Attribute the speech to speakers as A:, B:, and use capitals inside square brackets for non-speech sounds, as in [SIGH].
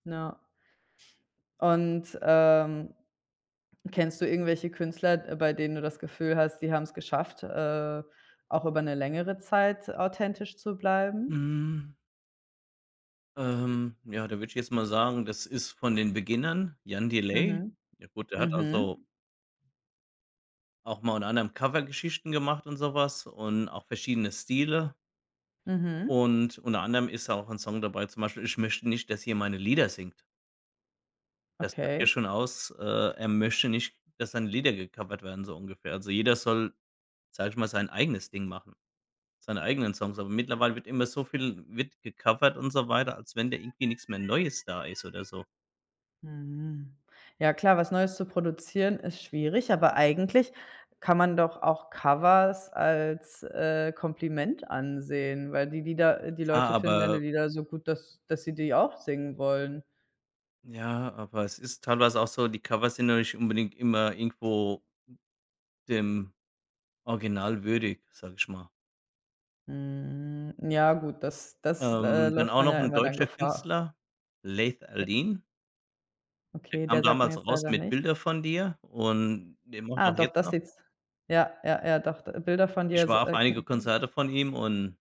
A: Na. Und, ähm, kennst du irgendwelche Künstler, äh, bei denen du das Gefühl hast, die haben's geschafft, äh, auch über 'ne längere Zeit authentisch zu bleiben?
B: Mhm. Ähm, ja, da würde ich jetzt mal sagen, das ist von den Beginnern, Jan Delay.
A: Mhm.
B: Ja gut, der hat, also
A: Mhm.
B: auch mal, unter anderem, Covergeschichten gemacht und so was und auch verschiedene Stile
A: Mhm.
B: und unter anderem ist auch 'n Song dabei, zum Beispiel „Ich möchte nicht, dass ihr meine Lieder singt.“ Das sagt ja
A: Okay.
B: schon aus, äh, er möchte nicht, dass seine Lieder gecovert werden, so ungefähr. Also, jeder soll, sage ich mal, sein eigenes Ding machen, seine eigenen Songs, aber mittlerweile wird immer so viel wird gecovert und so weiter, als wenn da irgendwie nix mehr Neues da ist oder so.
A: Mhm. Ja klar, was Neues zu produzieren ist schwierig, aber eigentlich kann man doch auch Covers als, äh, Kompliment ansehen, weil die Lieder äh, die
B: Ja,
A: Leute finden deine
B: aber
A: Lieder so gut, dass dass sie die auch singen wollen.
B: Ja, aber es ist teilweise auch so, die Covers sind ja nicht unbedingt immer irgendwo dem Original würdig, sage ich mal.
A: Mhm, ja gut, das das, äh,
B: Ähm, dann
A: läuft
B: auch
A: man
B: noch
A: ja
B: 'n
A: immer dann
B: deutscher
A: Gefahr.
B: Künstler, Laith Al-Deen. Der
A: Okay,
B: kam
A: der sagt mir
B: damals
A: jetzt
B: raus
A: leider
B: mit „Bilder
A: nichts.
B: von dir“ und der macht
A: Ah
B: auch
A: doch,
B: jetzt
A: das
B: noch
A: Lieds Ja, ja, ja doch, d „Bilder von dir“,
B: Ich
A: s
B: war auf
A: äh
B: einige
A: [UNINTELLIGIBLE]
B: Konzerte von ihm und